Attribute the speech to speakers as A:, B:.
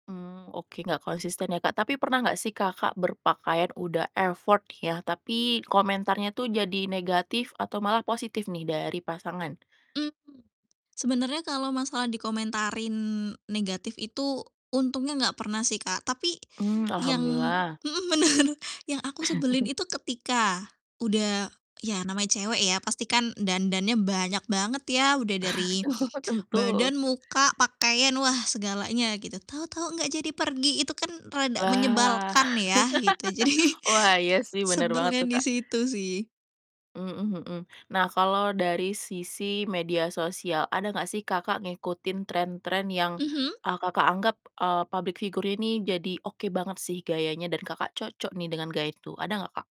A: Mmm, oke, gak konsisten ya Kak. Tapi pernah gak sih Kakak berpakaian udah effort ya, tapi komentarnya tuh jadi negatif atau malah positif nih dari pasangan?
B: Mmm, sebenarnya kalau masalah dikomentarin negatif itu untungnya enggak pernah sih Kak, tapi
A: Mmm,
B: yang
A: alhamdulillah.
B: mhm, bener. Yang aku sebelin itu ketika udah ya namanya cewek ya pastikan dandannya banyak banget ya, udah dari
A: Oh tentu.
B: badan, muka, pakaian, wah segalanya gitu. Tahu-tahu enggak jadi pergi, itu kan rada
A: Wah.
B: menyebalkan ya, gitu. Jadi,
A: wah, iya sih, bener banget
B: sebelnya
A: tuh
B: di
A: Kak.
B: situ sih.
A: Mhm mhm. Nah kalo dari sisi media sosial, ada gak sih Kakak ngikutin tren-tren yang,
B: Mhm.
A: eee, Kakak anggap, eee, public figure ini jadi oke banget sih gayanya dan Kakak cocok nih dengan gaya itu, ada gak Kak?